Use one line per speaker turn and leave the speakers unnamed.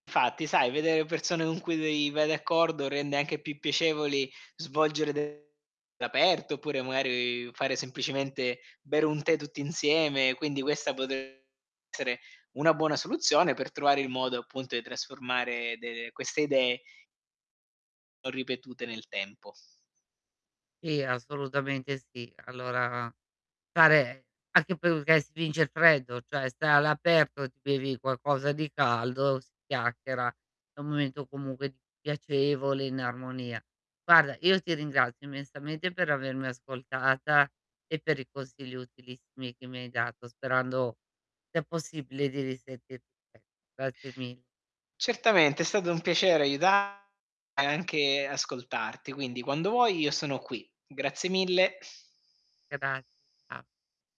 Fatti, sai, vedere persone con cui, vei vai d'accordo rende anche più piacevoli svolgere de aperto, oppure, magari, fare semplicemente bere un tè tutti insieme. Quindi questa potre essere una buona soluzione per trovare il modo appunto di trasformare delle queste idee o ripetute nel tempo.
Sì, assolutamente sì. Allora stare anche perché si vince il freddo, cioè sta all'aperto, ti bevi qualcosa di caldo, si chiacchiera; è un momento comunque piacevole, in armonia. Guarda, io ti ringrazio immensamente per avermi ascoltata e per i consigli utilissimi che mi hai dato, sperando sia possibile di risentirti Grazie mi
Certamente, è stato un piacere aiuta e anche ascoltarti. Quindi quando vuoi io sono qui. Grazie mille.
Gra a